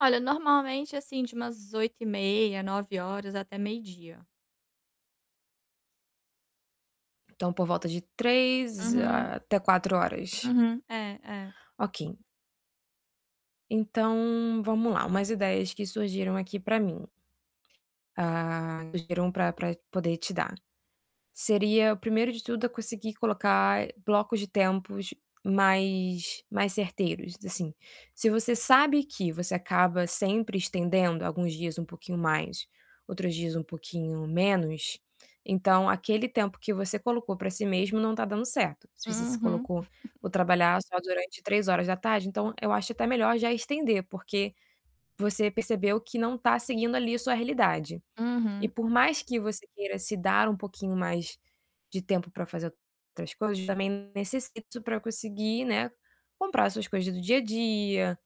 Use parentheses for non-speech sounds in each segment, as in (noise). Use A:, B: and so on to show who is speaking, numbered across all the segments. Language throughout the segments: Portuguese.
A: Olha, normalmente, assim de umas 8h30, 9h00 até meio-dia.
B: Então por volta de 3
A: Uhum.
B: até 4 horas.
A: Uhum, é, é.
B: Ok. Então, vamos lá, umas ideias que surgiram aqui para mim. Ah, sugiram para para poder te dar. Seria, o primeiro de tudo, a conseguir colocar blocos de tempos mais mais certeiros assim. Se você sabe que você acaba sempre estendendo alguns dias um pouquinho mais, outros dias um pouquinho menos, então aquele tempo que você colocou para si mesmo não está dando certo. Se você se
A: Uhum.
B: colocou: "Vou
A: (chuckles)
B: trabalhar só durante 15h", então eu acho até melhor já estender, porque você percebeu que não está seguindo ali a sua realidade. E
A: Uhum.
B: por mais que você queira se dar um pouquinho mais de tempo para fazer outras coisas também necessita para conseguir, né, comprar as suas coisas do dia a dia,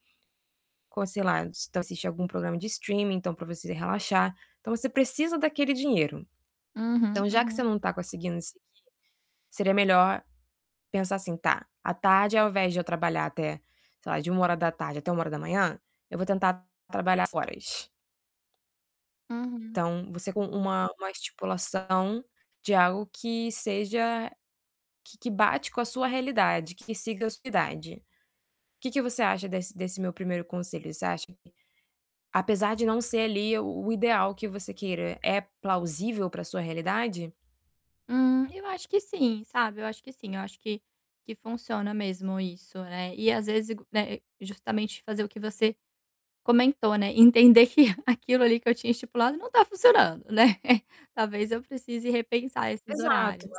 B: co sei lá, se tu assiste algum programa de streaming então para você relaxar, então você precisa daquele dinheiro.
A: Uhum,
B: Então, já que você
A: uhum.
B: não está conseguindo seguir, seria melhor pensar assim: "Tá, à tarde ao invés de eu trabalhar até, sei lá, de 13h até 1h, eu vou tentar trabalhar". (unintelligible)
A: Uhum.
B: Então, você com uma uma estipulação, de algo que seja que que bate com a sua realidade, que siga a sua idade. Que que você acha desse desse meu primeiro conselho? Você acha que, apesar de não ser ali o o ideal que você queira, é plausível para sua realidade?
A: Hum. Eu acho que sim, sabe. Eu acho que sim. Eu acho que que funciona mesmo isso, é. E, às vezes, ig né, justamente fazer o que você comentou, né, entender que (chuckles) aquilo ali que eu tinha estipulado não está funcionando, né. (chuckles) Talvez eu precise repensar esses
B: Exato.
A: horários.